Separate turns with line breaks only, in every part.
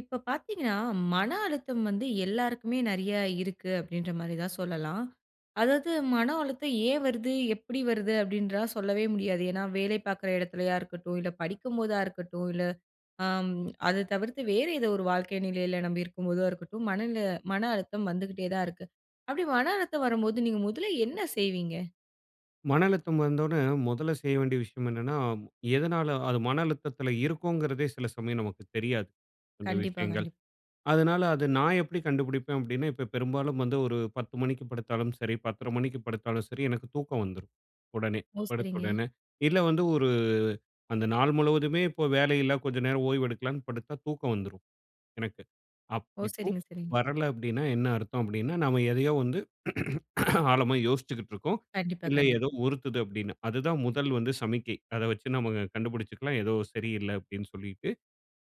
இப்ப பார்த்தீங்கனா, மன அழுத்தம் வந்து எல்லாருக்குமே நிறைய இருக்கு அப்பிடின்றமாரி தான் சொல்லலாம். அதாவது மன அழுத்தம் ஏன் வருது எப்படி வருது அப்படின்னு சொல்லவே முடியாது. ஏன்னா வேலை பாக்கிற இடத்திலயா இருக்கட்டும், இல்ல படிக்கும் போதா இருக்கட்டும், இல்ல ஆம். அத தவிர்த்து வேறு ஏதோ ஒரு வாழ்க்கை நிலையில நம்பி இருக்கும் போதோ இருக்கட்டும், மனநில மன அழுத்தம் வந்துகிட்டே தான் இருக்கு. அப்படி மன அழுத்தம் வரும்போது நீங்க முதல்ல என்ன செய்வீங்க?
மன அழுத்தம் வந்தவுடனே முதல்ல செய்ய வேண்டிய விஷயம் என்னன்னா, எதனால அது மன அழுத்தத்தில இருக்குங்கிறதே சில சமயம் நமக்கு தெரியாது. அந்த
கண்டிப்பா,
விஷயங்கள்.
கண்டிப்பா.
அதனால அத நான் எப்படி கண்டுபிடிப்பேன் அப்பிடின்னா, இப்ப பெரும்பாலும் வந்து ஒரு 10 மணிக்கு படுத்தாலும் சரி, 10.30 மணிக்கு படுத்தாலும் சரி, எனக்கு தூக்கம் வந்துரும். உடனே
ஓ!
படுத்த
சரிங்க.
உடனே. இல்ல வந்து ஒரு அந்த நாள் முழுவதுமே இப்போ வேலை இல்ல. கொஞ்ச நேரம் ஓய்வு எடுக்கலான்னு படுத்தா, தூக்கம் வந்துரும் எனக்கு.
ஓ!
அப்படி தூ
சரிங்க, சரிங்க.
வரல அப்பிடின்னா என்ன அர்த்தம். அப்பிடின்னா, நம்ம எதையோ வந்து ஆழமா யோசிச்சுக்கிட்டுருக்கோம்.
கண்டிப்பா,
இல்ல
கண்டிப்பா.
ஏதோ உறுத்துது அப்படின்னு. அதுதான் முதல் வந்து சமிக்கை. அத வச்சு நம்ம க கண்டுபிடிச்சுக்கலாம், ஏதோ சரி இல்ல அப்பிடின்னு சொல்லிட்டு.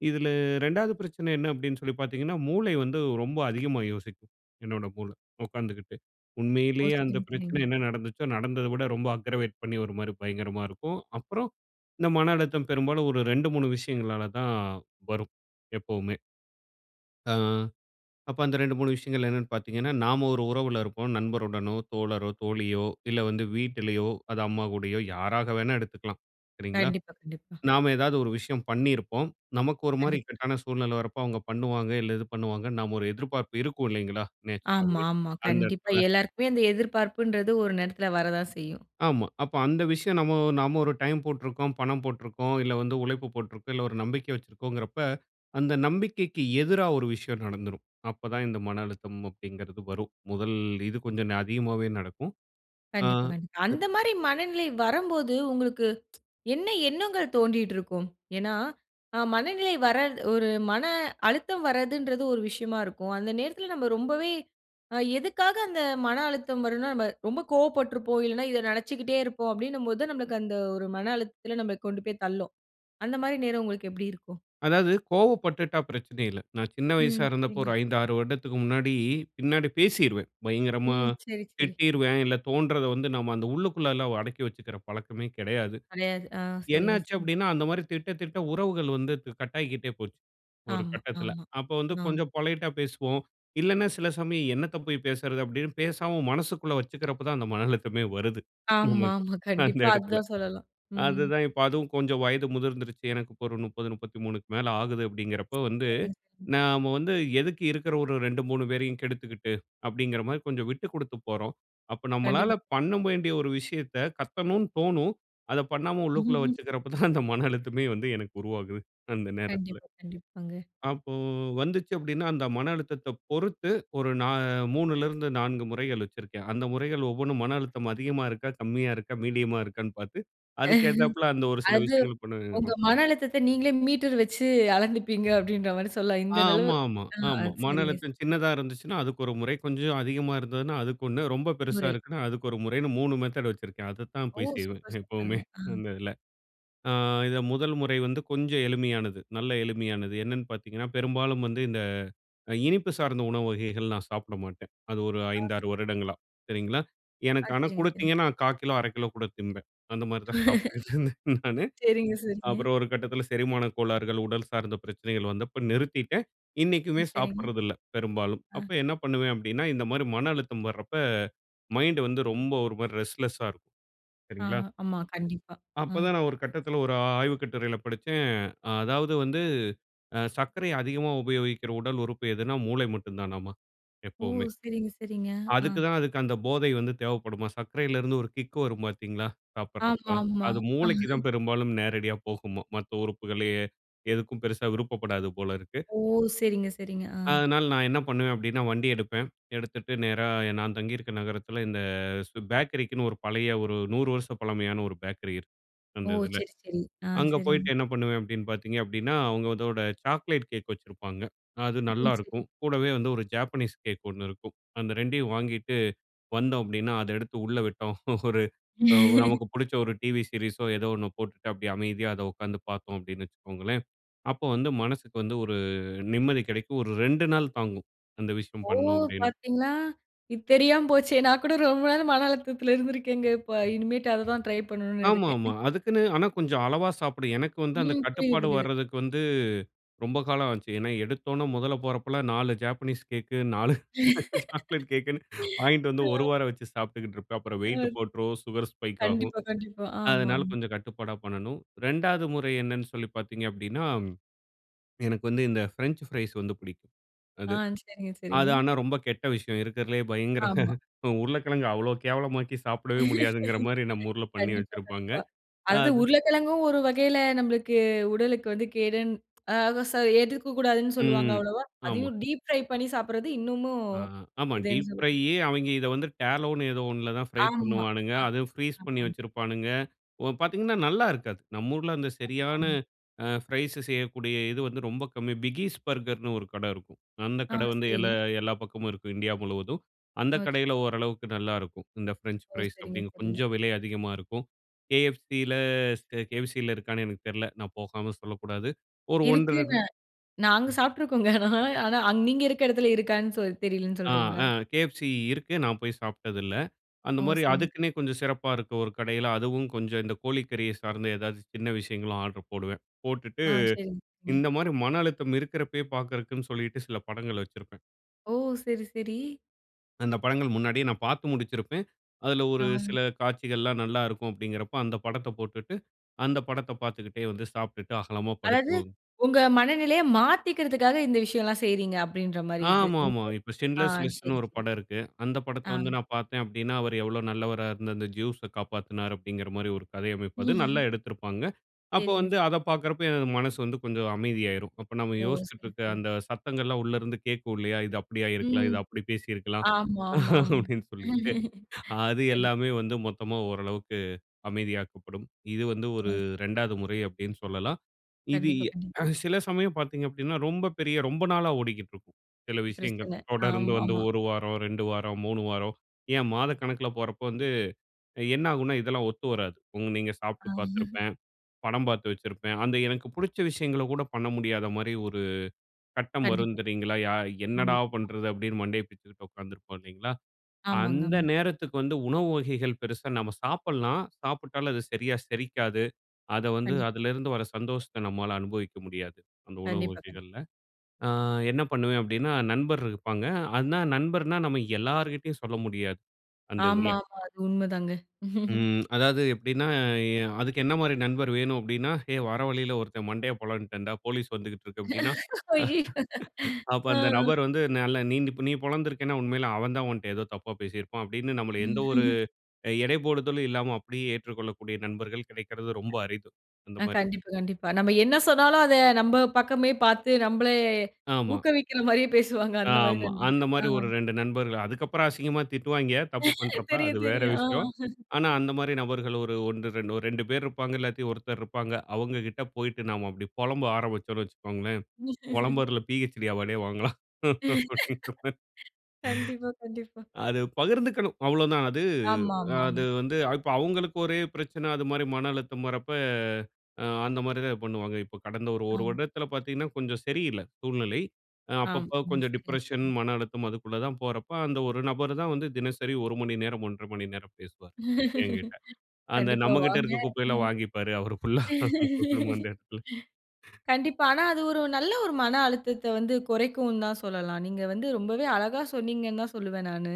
இதில 2வது பிரச்சனை என்ன அப்பிடின்னு சொல்லி பார்த்தீங்கன்னா, மூளை வந்து ரொம்ப அதிகமா யோசிக்கும். என்னோட மூளை. உட்காந்துக்கிட்டு.
ஓ!
உண்மையிலேயே அந்த
சரிங்க,
பிரச்சனை
சரிங்க.
என்ன நடந்துச்சோ, நடந்தத விட ரொம்ப அக்ரவேட் பண்ணி ஒருமாரி பயங்கரமா இருக்கும். அப்புறம் இந்த மன அழுத்தம் பெரும்பாலும் ஒரு 2, 3 விஷயங்களால தான் வரும் எப்பவுமே. அ. அப்ப அந்த 2 3 விஷயங்கள் என்னென்னு பார்த்தீங்கன்னா, நாம ஒரு உறவுல இருப்போம். நண்பருடனோ, தோழரோ, தோழியோ, இல்ல வந்து வீட்டிலயோ, அது அம்மா கூடயோ யாராக வேணா எடுத்துக்கலாம். சரிங்களா.
கண்டிப்பா, கண்டிப்பா.
நாம ஏதாவது ஒரு விஷயம் பண்ணியிருப்போம். நமக்கு ஒருமாரி
கண்டிப்பா.
இக்கட்டான சூழ்நிலை வரப்போ, அவுங்க பண்ணுவாங்க, இல்ல இது பண்ணுவாங்க, நாம ஒரு எதிர்பார்ப்பு இருக்கும் இல்லேங்களா!
ஆமா,
நேச்சராவே
ஆமா.
அந்த
கண்டிப்பா
இடத்தில
எல்லாருக்குமே அந்த எதிர்பார்ப்புன்றது ஒரு நேரத்தில வரதான் செய்யும்.
ஆமா. அப்ப அந்த விஷயம் நம்ம நம்ம ஒரு டைம் போட்டிருக்கிறோம், பணம் போட்டிருக்கிறோம், இல்ல வந்து உழைப்பு போட்டிருக்கிறோம், இல்ல ஒரு நம்பிக்கை வச்சிருக்கிறோங்கிறப்ப, அந்த நம்பிக்கைக்கு எதிரா ஒரு விஷயம் நடந்துரும். அப்ப தான் இந்த மன அழுத்தம் அப்படிங்கிறது வரும். முதல் இது கொஞ்சம் ந அதிகமாவே நடக்கும். ஆ
கண்டிப்பா, கண்டிப்
[unintelligible]
அந்தமாரி மனநிலை வரம்போது உங்களுக்கு என்ன எண்ணங்கள் தோன்றிட்டு இருக்கும். ஏன்னா, ஆ மனநிலை வரது ஒரு மன அழுத்தம் வரதுன்றது ஒரு விஷயமா இருக்கும். அந்த நேரத்தில நம்ப ரொம்பவே அ எதுக்காக அந்த மன அழுத்தம் வருன்னா நம்ம ரொம்ப கோவப்பட்டுருப்போம். இல்லன்னா இத நினைச்சிக்கிட்டே இருப்போம், அப்பிடினும்போது நம்மளுக்கு அந்த ஒரு மன அழுத்தத்தில நம்மள கொண்டு போய் தள்ளும். அந்தமாரி நேரம் உங்களுக்கு எப்படி இருக்கும்?
அதாவது கோவப்பட்டுட்டா பிரச்சனை இல்ல. நான் சின்ன வயசா
ம்.
இருந்தப்ப
சரி.
ஒரு 5, 6 வருடத்துக்கு முன்னாடி பின்னாடி பேசிருவேன். பயங்கரமா
ம். சரி, சரி.
திட்டிருவேன். இல்ல தோன்றத வந்து நம்ம அந்த உள்ளுக்குள்ளலாம் அடக்கி வச்சிக்கிற பழக்கமே கிடையாது.
கெடையாது. ஆ,
என்ன
சரிங்க,
ஆச்சு
சரி.
அப்படின்னா அந்தமாரி திட்ட, திட்ட உறவுகள் வந்து து கட்டாகிக்ட்டே போச்சு. ஒரு
ஆமா,
கட்டத்தில.
ஆமா.
அப்போ வந்து
ஆ.
கொஞ்சம் பொலைட்‌டா பேசுவோம். இல்லன்னா, சில சமயம் என்னத்த போய் பேசுறது அப்பிடின்னு, பேசாம மனசுக்குள்ள வச்சுக்கிறப்ப தான் அந்த மன அழுத்தமே வருது. நமக்கு
ஆமா, ஆமா.
அந்த
கண்டிப்பா அது
இடத்தில
தான் சொல்லலாம். ம், ம்.
அதுதான் இப்ப அதுவும் கொஞ்சம் வயது முதிர்ந்துருச்சு. எனக்கு இப்ப ஒரு 30, 33க்கு மேல ஆகுது அப்பிடிங்கிறப்போ வந்து,
[unintelligible]
நாம வந்து எதுக்கு இருக்கிற ஒரு 2, 3 பேரையும் கெடுத்துக்கிட்டு அப்படிங்கிறமாரி கொஞ்சம் விட்டு கொடுத்து போறோம். அப்ப நம்மளால
கண்டிப்பா.
பண்ண வேண்டிய ஒரு விஷயத்த கத்தணுனு தோணும், அத பண்ணாம உள்ளுக்குள்ள வச்சுக்கிறப்ப தான் அந்த மன அழுத்தமே வந்து எனக்கு உருவாகுது. அந்த நேரத்தில.
கண்டிப்பா, கண்டிப்பாங்க.
அப்போ வந்ததுச்சு அப்பிடின்னா, அந்த மன அழுத்தத்தப் பொறுத்து ஒரு நா 3ல இருந்து 4 முறைகள் வச்சிருக்கேன். அந்த முறைகள் ஒவ்வொன்னும் மன அழுத்தம் அதிகமா இருக்கா? கம்மியா இருக்கா? மீடியமா இருக்கான்னு பார்த்து அதுக்கு ஏத்தாப்ல அந்த ஒரு சில
அது
விஷயங்கள் பண்ணுவே
உங்க
ம்.
மன அழுத்தத்தை நீங்களே மீட்டர் வச்சு அளந்துப்பீங்க அப்படின்ற மாரி சொல்லலாம்
ஆ.
இந்த அளவு
ஆமா, ஆமா,
ஆ.
ஆமா.
அது
மன
சரிங்க.
அழுத்தம்
ச
சின்னதா இருந்துச்சுன்னா அதுக்கு ஒரு முறை, கொஞ்சம் அதிகமாக இருந்ததுனா அதுக்குகொன்னு, ரொம்ப பெருசாக
முறை.
இருக்குன்னா அதுக்கு ஒரு முறைன்னு 3 மெத்தேர்டு வச்சிருக்கேன். அதத்தான்
ஓ!
போய் செய்வேன்.
சூப்பர்,
எப்பவுமே
சூப்பருங்க. ஆ
அந்த இதில ஆ இத முதல் முறை வந்து கொஞ்சம் எளிமையானது நல்ல எளிமையானது. என்னன்னு பார்த்தீங்கன்னா, பெரும்பாலும் வந்து இந்த அ, இனிப்பு சார்ந்த உணவு வகைகள் நான் சாப்பிட மாட்டேன். அது ஒரு
ஆ.
5, 6
ச
வருடங்களா, சரிங்களா.
ஆ.
எனக்கு ஆனா
சரிங்க, சரிங்க.
குடுத்தீங்கன்னா 1/4 கிலோ 1/2 கிலோ கூட திம்பேன். அந்தமாரி தான் சாப்பிட்டுட்டு இருந்தேன் நானு
சரிங்க, சரிங்க.
அப்புறம் ஒரு கட்டத்தில செரிமான கோளாறுகள், உடல் சார்ந்த பிரச்சனைகள் வந்தப்ப நிறுத்திட்டேன். இன்னைக்குமே
ம். சரிங்க.
சாப்பிடுறது இல்ல. பெரும்பாலும்.
ஆ.
அப்ப என்ன பண்ணுவேன் அப்பிடின்னா இந்த மாதிரி மன அழுத்தம் வர்றப்ப, மைண்ட் வந்து ரொம்ப ஒரு மாதிரி ரெஸ்ட்லெஸ்‌சா இருக்கும்.
ஆ.
சரிங்களா!
ஆமா. கண்டிப்பா.
அப்ப
ம்.
தான் நான் ஒரு கட்டத்தில ஒரு ஆ ஆய்வு கட்டுரையில படிச்சேன். அ அதாவது வந்து ஆ சர்க்கரை அதிகமாக உபயோகிக்கிற உடல் உறுப்பு எதுனா? மூளை மட்டும் தானாமா
ஓ!
எப்பவுமே.
சரிங்க, சரிங்க. ஆ.
அதுக்கு தான் அந்த போதை வந்து தேவைப்படுமாம். சர்க்கரையில இருந்து ஒரு கிக் வரும் பாத்தீங்களா சாப்பிடறப்ப,
ஆமா, ஆமா.
அது மூளைக்கு தான் பெரும்பாலும் நேரடியா போகுமாம். மற்ற உறுப்புகள்லயே எதுக்கும் பெரிசா விருப்பப்படாது போல இருக்கு.
ஓ! சரிங்க, சரிங்க. ஆ.
அதனால நான் என்ன பண்ணுவேன் அப்படின்னா வண்டி எடுப்பேன். எடுத்துட்டு நேரா எ நான் தங்கியிருக்க நகரத்தில, இந்த சு பேக்கரிக்குன்னு ஒரு பழைய ஒரு 100 வருச பழமையான ஒரு பேக்கரி இருக்கு.
ஓ!
அந்த இதில.
சரி, சரி. ஆ.
அங்க
சரிங்க.
போயிட்டு என்ன பண்ணுவேன் அப்படின்னு பாத்தீங்க அப்படின்னா, அவுங்க அதோட சாக்லேட் கேக் வச்சிருப்பாங்க. அது
ம். சரிங்க.
நல்லாருக்கும். கூடவே வந்து ஒரு ஜாப்பனீஸ் கேக் ஒண்ணு இருக்கும். அந்த 2டையும் வாங்கிட்டு வந்தோம் அப்படின்னா, அத எடுத்து உள்ள விட்டோம். ஒரு ஒ நமக்கு பிடிச்ச ஒரு டிவி சீரிஸோ! ஏதோ ஒண்ணு போட்டுட்டு அப்படியே அமைதியா அத உட்காந்து பார்த்தோம் அப்படின்னு வச்சுக்கோங்களேன், அப்போ வந்து மனசுக்கு வந்து ஒரு நிம்மதி கிடைக்கும், ஒரு 2 நாள் தாங்கும் அந்த விஷயம்
ஓ!
பண்ணோம் அப்பிடின்னா.
பாத்தீங்களா! இது தெரியாம போச்சு. நான் கூட ரொம்ப நாள் மன அழுத்தத்தில இருந்திருக்கேங்க இப்ப இனிமேட்டு அத தான் ட்ரை பண்ணணுனு
ஆமா,
இருக்கேன்.
ஆமா. அதுக்குன்னு ஆனா கொஞ்சம் அளவா சாப்பிடு. எனக்கு வந்து அந்த
ம். புரியுது,
கட்டுப்பாடு
புரியுது.
வர்றதுக்கு வந்து ரொம்ப காலம் ஆச்சு. ஏன்னா எடுத்தோன்ன முதல்ல போறப்பலாம் 4 ஜாப்பனீஸ் கேக்கு, 4
ம்.
சாக்லேட் கேக்குன்னு வாங்கிட்டு வந்து ஒரு வாரம் வச்சு சாப்பிட்டுக்கிட்டு இருப்பேன். அப்புறம்
அ.
வெயிட் போட்ரும், சுகர் ஸ்பைக் ஆகும்.
கண்டிப்பா, கண்டிப்பா. ஆமா,
அதனால
ஆமா.
கொஞ்சம் கட்டுப்பாடா பண்ணணும். 2வது முறை என்னென்னு சொல்லி பாத்தீங்கனா அப்பிடின்னா எனக்கு வந்து இந்த ஃப்ரெஞ்ச் ஃப்ரைஸ் வந்து பிடிக்கும்.
ஆ!
அது
சரிங்க, சரிங்க.
அது ஆனா ரொம்ப கெட்ட விஷயம். இருக்கிறதுலேயே பயங்கர
ஆமா.
அ உருளைக்கிழங்கு அவ்ளோ கேவலமாக்கி சாப்பிடவே முடியாதுங்கிற மாரி நம்ம ஊர்ல பண்ணி
கண்டிப்பா,
வச்சிருப்பாங்க.
கண்டிப்பா. அது து
அது
உருளைக்கிழங்கும் ஒரு வகையில நம்மளுக்கு உடலுக்கு வந்து கேடுன் அ சார் எடுக்ககூடாதுன்னு சொல்லுவாங்க
ம்.
அவ்வளவா
ஆமா.
அதையும் டீப் ஃப்ரை பண்ணி சாப்பிடுறது இன்னுமு
ஆ. ஆமா. டீப்
இதுன்னு சொல்லி.
ஃப்ரையி அவுங்க இத வந்து டேலோனு ஏதோ ஒன்னுல தான் ஃப்ரை
ஆமா.
பண்ணுவானுங்க,
அ
அதும் ஃப்ரீஸ் பண்ணி
[unintelligible]
வச்சிருப்பானுங்க, ஒ பார்த்தீங்கன்னா நல்லா இருக்காது. நம்ம ஊர்ல அந்த சரியான
[unintelligible]
ஆ, ஃப்ரைஸு செய்யக்கூடிய இது வந்து ரொம்ப கம்மி. பிகீஸ் பர்கர்ன்னு ஒரு கட இருக்கும். அந்த
ஆ!
கட வந்து எல
சரிங்க.
எல்லா பக்கமும் இருக்கும், இந்தியா முழுவதும். அந்த
ஆ.
கடையில ஓரளவுக்கு நல்லாயிருக்கும். இந்த ஃப்ரெஞ்ச்
ஓ!
ஃப்ரைஸ்
சரிங்க,
அப்பிடின்னு
சரிங்க.
கொஞ்சம் விலை அதிகமா இருக்கும். KFCல ஸ்கே KFCல இருக்கான்னு எனக்கு தெரில, நான் போகாம சொல்லக்கூடாது. ஒரு 1 1/2.
இருக்குங்க நாங்க சாப்பிட்டுருக்கோங்க, ஆனா ஆனா நீங்க இருக்க இடத்தில இருக்கான்னு சொ தெரியலேன்னு
ஆ,
சொல்றீங்களா?
ஆ. KFC இருக்கு. நான் போய் சாப்பிட்டது இல்ல.
ஓ!
அந்தமாரி
சரி.
அதுக்குன்னே கொஞ்சம் சிறப்பா இருக்க ஒரு கடையில அதுவும் கொஞ்சம் இந்த கோழி கறிய சார்ந்தே ஏதாவது சின்ன விஷயங்களும் ஆர்டர் போடுவேன். போட்டுட்டு
ஆ. சரிங்க.
இந்த மாதிரி மன அழுத்தம் இருக்கிறப்பயே பார்க்கிறக்குன்னு சொல்லிட்டு சில படங்கள் வச்சிருப்பேன்.
ஓ! சரி, சரி.
அந்த படங்கள் முன்னாடியே நான் பாத்து முடிச்சிருப்பேன். அதுல ஒரு
ஆ.
சில காட்சிகள்லாம் நல்லா இருக்கும் அப்டீங்கிறப்ப அந்த படத்தைப் போட்டுட்டு, அந்த படத்தை பாத்துக்கிட்டே வந்து சாப்பிட்டுட்டு அகலமா படுத்து
அதாவது,
தூங்
உங்க மனநிலைய மாத்திக்கிறதுக்காக இந்த விஷயம்லாம் செய்றீங்க அப்டீன்ற மாரி இது.
ஆமாமா. இப்ப
ஆ
"Schindler's List"ன்னு
சரி,
ஒரு
சரி.
படம் இருக்கு. அந்த படத்தை
ஆ.
வந்து நான் பாத்தேன், அப்டீன்னா அவர் எவ்ளோ நல்லவரா இருந்து அந்த ஜ்யூஸ காப்பாத்தினாரு அப்டீங்கிற மாதிரி ஒரு கதை அமைப்பு அது. நல்லா எடுத்திருப்பாங்க. அப்போ
சரிங்க.
வந்து அதை பாக்குறப்ப, எனது மனசு வந்து கொஞ்சம் அமைதியாயிரும். அப்ப நம்ம
ஓ!
யோசிச்சிட்டு
சரி,
இருக்கிற
சரி.
அந்த சத்தங்கள்லாம் உள்ளே இருந்து கேட்கும் இல்லையா, "இது அப்படியா இருக்கலாம்.
ம்.
இது அப்படி பேசியிருக்கலாம்."
ஆமாமா, ஆமா.
அப்டீன்னு சொல்லிட்டு. அது
சரி.
எல்லாமே வந்து மொத்தமா ஓரளவிற்கு, அமைதியாக்கப்படும். இது வந்து ஒரு
ம்.
2ஆவது முறை அப்டீன்னு சொல்லலாம். இது
கண்டிப்பா,
அ
கண்டிப்பா.
சில சமயம் பாத்தீங்க அப்டீன்னா ரொம்ப பெரிய ரொம்ப நாளா ஓடிக்கிட்டு இருக்கும், சில விஷயங்கள்.
பிரச்சனை.
தொடர்ந்து வந்து
ஆமாமா.
1 வாரம், 2 வாரம், 3 வாரம், ஏன் மாதக்கணக்கில போறப்ப வந்து அ என்ன ஆகும்ன்னா, இதெல்லாம் ஒத்து வராது. ம், நீங்க சாப்ட்டு
ஆ.
பாத்திருப்பேன். படம் பாத்து வைச்சிருப்பேன். அந்த எனக்கு பிடிச்ச விஷயங்கள கூட பண்ண முடியாத மாரி 1 கட்டம் வரும்
கண்டிப்பா.
தெரியுங்களா, "ய என்னடா
ஆமா.
பண்றது?" அப்டீன்னு மண்டைய பிச்சுக்கிட்டு உக்காந்திருப்போம் இல்லைங்களா!
ஆமாங்க.
அந்த
ஆமா.
நேரத்துக்கு வந்து உணவு வகைகள் பெரிசா நம்ம சாப்பிடலாம். சாப்பிட்டாலும் அது சரியா செரிக்காது. அதை வந்து
கண்டிப்பா.
அதிலிருந்து வர சந்தோஷத்தை நம்மால அனுபவிக்க முடியாது, அந்த உணவு
கண்டிப்பா, கண்டிப்பா.
வகைகள்ல. அ என்ன பண்ணுவேன் அப்டீன்னா, நண்பர் இருப்பாங்க. அனா, நண்பர்னா நம்ம எல்லார்கிட்டயும் சொல்ல முடியாது அந்த
ஆமா,
இதில.
ஆமா. அது உண்மைதாங்க.
ம். அதாவது எப்படின்னா, அ அதுக்கு என்ன மாதிரி நண்பர் வேணும் அப்டீன்னா, "ஏய் வர வழியில ஒருத்தன் மண்டையைப் பொளந்துட்டேண்டா, போலீஸ் வந்துகிட்டு இருக்கு." அப்டீன்னா,
ஐயயோ!
அப்ப
ஆ
அந்த நபர் வந்து, "நல்லா நீந் நீ பொளந்திருக்கேனா உண்மையில அவன் தான் உன்ட்ட ஏதோ தப்பா பேசியிருப்பான்!" அப்டீன்னு, நம்மளை எந்த ஒரு அ எடைபோடுதலும் இல்லாம அப்படியே ஏற்றுக்கொள்ளக்கூடிய நண்பர்கள் கிடைக்கிறது ரொம்ப அரிது அந்த
ஆ!
மாரி.
கண்டிப்பா, கண்டிப்பா. நம்ம என்ன சொன்னாலும் அதை நம்ப பக்கமே பாத்து நம்பள
ஆமா.
ஊக்கவிக்கிற மாதிரியே பேசுவாங்க. அந்த மாதிரி
ஆமா. அந்த
நடந்திருக்கு. ஆ.
மாதிரி ஒரு 2 நண்பர்கள். அதுக்கப்புறம் அசிங்கமா திட்டுவாய்ங்க, தப்பு பண்றப்ப. அது
தெரியும்,
வேறு
தெரியும். அ.
விஷயம். ஆனா அந்த மாதிரி நபர்கள் 1 2- 2 பேர் இருப்பாங்க. இல்லாட்டி ஒருத்தர் இருப்பாங்க. அவங்ககிட்ட போய்ட்டு நாம அப்படி புலம்ப ஆரம்பிச்சோம்னு வச்சுக்கோங்களேன், புலம்புறதுல பிஹெச்டி அவார்டே வாங்கலாம் அப்டீங்கிற மாரி.
கண்டிப்பா, கண்டிப்பா.
அது பகிர்ந்துக்கணும், அவ்வளோதான். அது அது
ஆமாமாமா.
வந்து இப்போ அவங்களுக்கு ஒரே பிரச்சனை, அதுமாதிரி மன அழுத்தம் வரப்போ அந்த மாரி தான் பண்ணுவாங்க. இப்ப கடந்த 1
ஆ.
1 வருடத்தில பாத்தீங்கன்னா கொஞ்சம் சரி இல்ல, சூழ்நிலை.
ஆ.
அப்பப்போ
ம்.
கொஞ்சம்
சரி,
டிப்ரஷன்,
சரி.
மன அழுத்தம் அதுக்குள்ள தான் போறப்போ, அந்த 1 நபர் தான் வந்து தினசரி 1 மணிநேரம், 1 1/2 மணி நேரம் பேசுவார் என்கிட்டே. அந்த
கண்டிப்பா
நம்மகிட்டே
வாங்க.
இருக்கிற குப்பையெல்லாம் வாங்கிப்பாரு அவரு ஃபுல்லா அந்த இடத்துல.
கண்டிப்பா. ஆனா, அது ஒரு நல்ல ஒரு மன அழுத்தத்தை வந்து குறைக்கும் தான் சொல்லலாம். நீங்க வந்து ரொம்பவே அழகா சொன்னீங்கன்னு தான் சொல்லுவேன் நானு.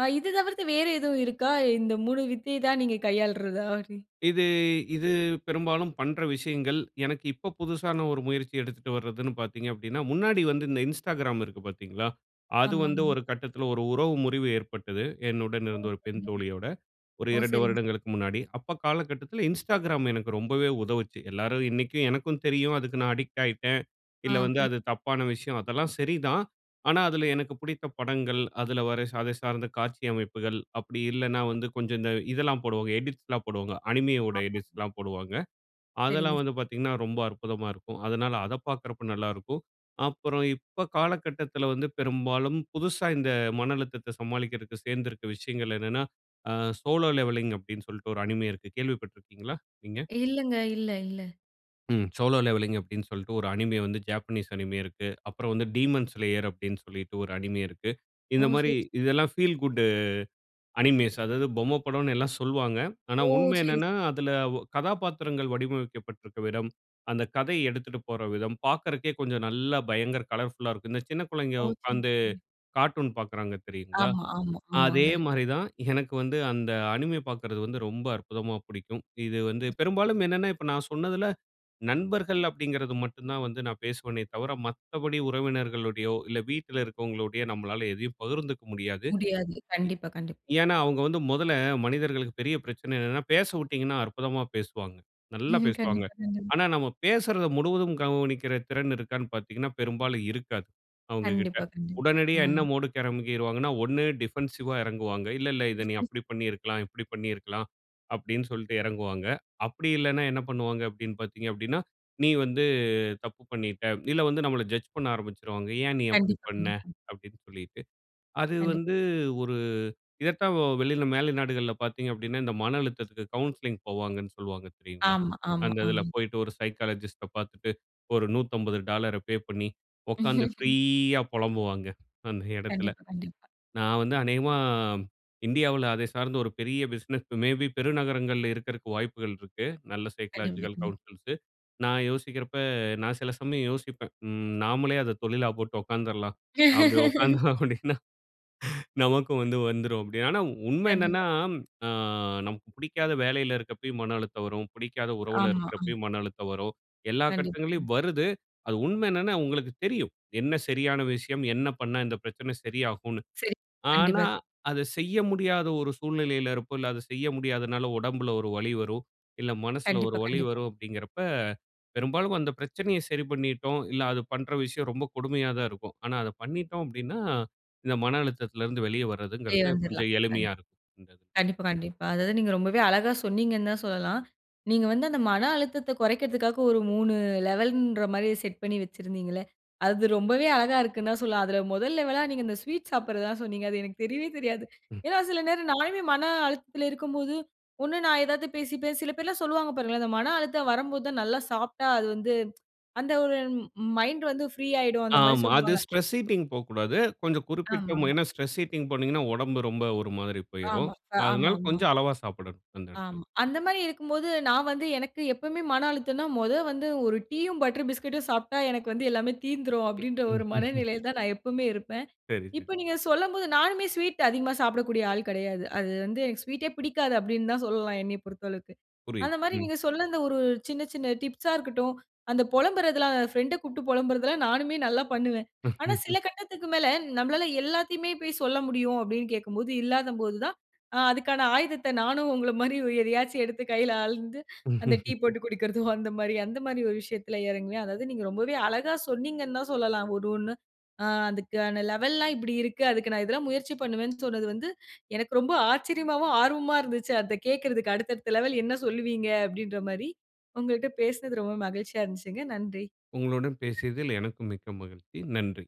ஆ, இது தவிர்த்து வேறு எதுவும் இருக்கா, இந்த 3 வித்தை தான் நீங்கள் கையாள்றதா? [unintelligible]
இது இது பெரும்பாலும் பண்ற விஷயங்கள். எனக்கு இப்ப புதுசான ஒரு முயற்சி எடுத்துட்டு வர்றதுனு பாத்தீங்க அப்டீன்னா, முன்னாடி வந்து இந்த Instagram இருக்கு பாத்தீங்களா? அது
ஆமா.
வந்து
ஆமா.
1 கட்டத்தில 1 உறவு முறிவு ஏற்பட்டது, என்னுடன்
ஓ!
இருந்த 1 பெண்
சரிங்க.
தோழியோட, ஒரு
ஓ!
2
சரிங்க சார்.
வருடங்களுக்கு முன்னாடி. அப்ப காலகட்டத்தில Instagram எனக்கு ரொம்பவே உதவுச்சு. எல்லாரும் இன்னைக்கும் எனக்கும் தெரியும், அதுக்கு நான் அடிக்ட் ஆயிட்டேன்,
ஆ.
இல்லை வந்து
புரியுது.
அது தப்பான விஷயம், அதெல்லாம் சரிதான். ஆனா, அதில எனக்கு பிடித்த படங்கள், அதுல வர அதை சார்ந்த காட்சி அமைப்புகள், அப்டி இல்லைன்னா வந்து கொஞ்சம் இந்த இதெல்லாம் போடுவாங்க, எடிட்ஸ்லாம் போடுவாங்க. அனிமே உடைய
ஆமாமா.
எடிட்ஸ்லாம் போடுவாங்க.
சரிங்க
அதெல்லாம்
சார்.
வந்து பாத்தீங்கன்னா ரொம்ப அற்புதமா இருக்கும். அதனால அதை பாக்குறப்ப நல்லா இருக்கும். அப்பறம் இப்ப காலகட்டத்தில வந்து பெரும்பாலும் புதுசா இந்த மன அழுத்தத்தை சமாளிக்கறதுக்கு சேந்திருக்கிற விஷயங்கள் என்னன்னா, ஆ "Solo Leveling" அப்டீன்னு சொல்லிட்டு ஒரு அனிமே இருக்கு. கேள்விப்பட்டு இருக்கீங்களா நீங்க?
இல்லங்க. இல்ல, இல்ல.
ம். "சோலோ லெவெல்லிங்" அப்படீன்னு சொல்லிட்டு ஒரு அனிமே வந்து ஜாப்பனீஸ் அனிமே இருக்கு. அப்புறம் வந்து "டீமோன் ஸ்லேயர்" அப்படீன்னு சொல்லிட்டு ஒரு அனிமே இருக்கு.
ஓ!
இந்த மாரி
சரி.
இதெல்லாம் ஃபீல் குட் அனிமேஸ் அதாவது பொம்மை படம்ன்னு எல்லாம் சொல்லுவாங்க. ஆனா
ஓ!
உண்மை
சரி. சரி.
என்னன்னா அதில ஒ கதாபாத்திரங்கள் வடிவமைக்கப்பட்டிருக்கிற விதம், அந்த கதை எடுத்துட்டு போற விதம் பார்க்கறதுக்கே கொஞ்சம் நல்லா பயங்கர கலர்ஃபுல்‌லா இருக்கும். இந்த சின்ன பிள்ளைங்க
ஓ! சரிங்க,
உட்காந்து
சரிங்க.
கார்ட்டூன் பார்க்கிறாங்க தெரியுங்களா?
ஆமா, ஆமா,
அதே
ஆமாங்க.
மாரி தான், எனக்கு வந்து அந்த அனிமே பார்க்கிறது வந்து ரொம்ப அற்புதமா புடிக்கும். இது வந்து பெரும்பாலும் என்னன்னா இப்ப நான் சொன்னதில நண்பர்கள் அப்படிங்கிறது மட்டும் தான் வந்து நான் பேசுவனே தவிர, மத்தபடி உறவினர்களோடையோ, இல்லை வீட்டில் இருக்கிறவங்களோடையோ நம்பளால எதையும் பகிர்ந்துக்க முடியாது.
முடியாது.
இ
கண்டிப்பா, கண்டிப்பா.
ஏன்னா அவங்க வந்து முதல்ல மனிதர்களுக்கு பெரிய பிரச்சனை என்னன்னா, பேசவுட்டீங்கன்னா அற்புதமா பேசுவாங்க. நல்லா
ம்.
பேசுவாங்க.
கண்டிப்பா, கண்டிப்பா.
ஆனா நம்ம பேசுறதை முழுவதும் கவனிக்கிற திறன் இருக்கான்னு பார்த்தீங்கன்னா, பெரும்பாலும் இருக்காது அவங்ககிட்ட.
கண்டிப்பா, கண்டிப்பா.
உடனடியா
அம்.
என்ன மூடுக்கு இறங்கிருவாங்கனா, ஒண்ணு டிஃபென்சிவ்‌வா இறங்குவாங்க. "இல்லை, இல்லை இதை நீ அப்படி பண்ணியிருக்கலாம், இப்படி பண்ணியிருக்கலாம்." அப்படீன்னு சொல்லிட்டு இறங்குவாங்க. அப்படி இல்லைனா என்ன பண்ணுவாங்க அப்படீன்னு பாத்தீங்க அப்படீன்னா, "நீ வந்து தப்பு பண்ணீட்ட" இல்ல வந்து நம்மளை ஜட்ஜ் பண்ண ஆரம்பிச்சிருவாங்க. "ஏன் நீ அப்படி
கண்டிப்பா,
பண்ண?"
கண்டிப்பா.
அப்படின்னு சொல்லிட்டு. அது
கண்டிப்பா.
வந்து ஒரு இதை தான் வெளியில மேலை நாடுகள்ல பாத்தீங்க அப்படீன்னா, இந்த மன அழுத்தத்துக்கு கவுன்சிலிங் போவாங்கன்னு சொல்வாங்க தெரியுங்களா?
ஆமா, ஆமா,
அந்த இதில
ஆமா.
போய்ட்டு, ஒரு சைக்காலஜிஸ்ட்‌ட பார்த்துட்டு, ஒரு $150ஐ பே பண்ணி, உட்காந்து ஃப்ரீயா பொலம்புவாங்க அந்த இடத்தில.
கண்டிப்பா, கண்டிப்பா.
நான் வந்து அநேகமா இந்தியாவில அதை சார்ந்த ஒரு பெரிய பிசினஸ் மே பி பெருநகரங்கள்ல இருக்கறதுக்கு வாய்ப்புகள் இருக்கு. நல்ல
கண்டிப்பா,
சைக்காலஜிக்கல்
கண்டிப்பா.
கவுன்சில்ஸு நான் யோசிக்கிறப்ப நான் சில சமயம் யோசிப்பேன். ம் நாமளே அத தொழிலா போட்டு உட்கார்ந்துறலாம். அப்படி உட்கார்ந்தோம் அப்படீன்னா நமக்கும் வந்து வந்துரும் அப்படி. ஆனா உண்மை
கண்டிப்பா.
என்னன்னா, ஆ நமக்கு புடிக்காத வேலையில இருக்கப்பயும் மன அழுத்தம் வரும், புடிக்காத உறவில
ஆமா. அம்.
இருக்கிறப்பயும் மன அழுத்தம் வரும். எல்லா
கண்டிப்பா, கண்டிப்பா.
கட்டங்கள்லயும் வருது. அது உண்மை என்னன்னா, உங்களுக்கு தெரியும் என்ன சரியான விஷயம், என்ன பண்ணா இந்த பிரச்சனை சரியாகும்னு.
சரி,
ஆனா
கண்டிப்பா.
அதை செய்ய முடியாத ஒரு சூழ்நிலையில இருப்போம். இல்லை, அதை செய்ய முடியாததுனால உடம்பில ஒரு வலி வரும். இல்லை மனசில ஒரு
கண்டிப்பா,
வலி
கண்டிப்பா.
வரும். அப்படீங்கிறப்ப, பெரும்பாலும் அந்த பிரச்சனையை சரி பண்ணிட்டோம் இல்ல அது பண்ணுற விஷயம் ரொம்ப கொடுமையா தான் இருக்கும். ஆனா அதை பண்ணிட்டோம் அப்படீன்னா, இந்த மன அழுத்தத்திலேருந்து வெளிய
போய்
வரதுங்கிறது
வந்துறலாம்.
கொஞ்சம்
அந்
எளிமையா இருக்கும், இந்த இதுல.
கண்டிப்பா, கண்டிப்பா. அதாவது நீங்க ரொம்பவே அழகா சொன்னீங்கன்னு தான் சொல்லலாம். நீங்க வந்து அந்த மன அழுத்தத்தை குறைக்கிறதுக்காக ஒரு 3 லெவல்ன்ற மாரி செட் பண்ணி வச்சிருந்தீங்கல்ல, அது ரொம்பவே அழகா இருக்குன்னு தான் சொல்லலாம். அதில முதல் லெவலா நீங்க இந்த ஸ்வீட் சாப்பிடுறது தான் சொன்னீங்க. அது எனக்கு தெரியவே தெரியாது.
ம்.
ஏன்னா சில நேரம் நானுமே மன அழுத்தத்தில இருக்கும்போது, ஒண்ணு நான் ஏதாவது பேசி பேசி சில பேர்லாம் சொல்லுவாங்க பாருங்களேன், அந்த மன அழுத்தம் வரம்போது தான் நல்லா சாப்பிட்டா அது வந்து அந்த ஒரு ம் மைண்ட் வந்து ஃப்ரீ ஆயிடும் அந்த மாரி
ஆமா. அது
சொல்லுவாங்க.
ஸ்ட்ரெஸ் ஈட்டிங் போகக்கூடாது. கொஞ்சம் குறிப்பிட்ட மோ
ஆமாமா.
ஏன்னா ஸ்ட்ரெஸ் ஈட்டிங் போனீங்கனா, உடம்பு ரொம்ப ஒரு மாதிரி போய்ரும்.
ஆமா, அ
அதனால
ஆமாமா.
கொஞ்சம் அளவா சாப்பிடணும், அந்த இதுல.
ஆமா. அந்த மாரி இருக்கும்போது நான் வந்து எனக்கு எப்பவுமே மன அழுத்தம்னா, "மொத வந்து 1 டீயும், பட்டர் பிஸ்கட்டும் சாப்பிட்டா எனக்கு வந்து எல்லாமே தீர்ந்துரும்." அப்படீன்ற ஒரு மனநிலையில தான் நான் எப்பவுமே இருப்பேன்.
சரி, சரி.
இப்ப நீங்க சொல்லம்போது, நானுமே ஸ்வீட் அதிகமா சாப்பிடக்கூடிய ஆள் கெடையாது. அது வந்து "எனக்கு ஸ்வீட்டே பிடிக்காது." அப்படீன்னு தான் சொல்லலாம் என்னைய பொறுத்த அளவுக்கு. அந்த
புரியுது.
மாரி
ம்.
நீங்க சொன்ன அந்த ஒரு சின்ன சின்ன டிப்ஸா இருக்கட்டும், அந்த புலம்புறதெல்லாம் ஃப்ரெண்டை கூப்பிட்டு புலம்புறதெல்லாம் நானுமே நல்லா பண்ணுவேன். ஆனா சில கட்டத்துக்கு மேல, "நம்மளால எல்லாத்தையுமே போய் சொல்ல முடியும்." அப்படீன்னு கேட்கும்போது, இல்லாதம் போது தான் ஆ அதுக்கான ஆயுதத்தை நானும் உங்கள மாரி ஒரு எதையாச்சும் எடுத்து கையில அழுந்து, அந்த டீ போட்டு குடிக்கிறதோ அந்த மாரி அந்த மாரி ஒரு விஷயத்தில இறங்குவேன். அதாவது நீங்க ரொம்பவே அழகா சொன்னீங்கன்னு தான் சொல்லலாம் ஒரு ஒண்ணு. ஆ அதுக்கான லெவல்லாம் இப்படி இருக்கு. அதுக்கு நான் இதெல்லாம் முயற்சி பண்ணுவேன்னு சொன்னது வந்து எனக்கு ரொம்ப ஆச்சரியமாவும், ஆர்வமா இருந்துச்சு அதை கேட்கறதுக்கு. "அடுத்த அடுத்த லெவல் என்ன சொல்லுவீங்க?" அப்படீன்ற மாரி. உங்கள்ட்ட பேசினது ரொம்ப மகிழ்ச்சியா இருந்துச்சுங்க. நன்றி.
உங்களுடன் பேசியதில் எனக்கும் மிக்க மகிழ்ச்சி. நன்றி.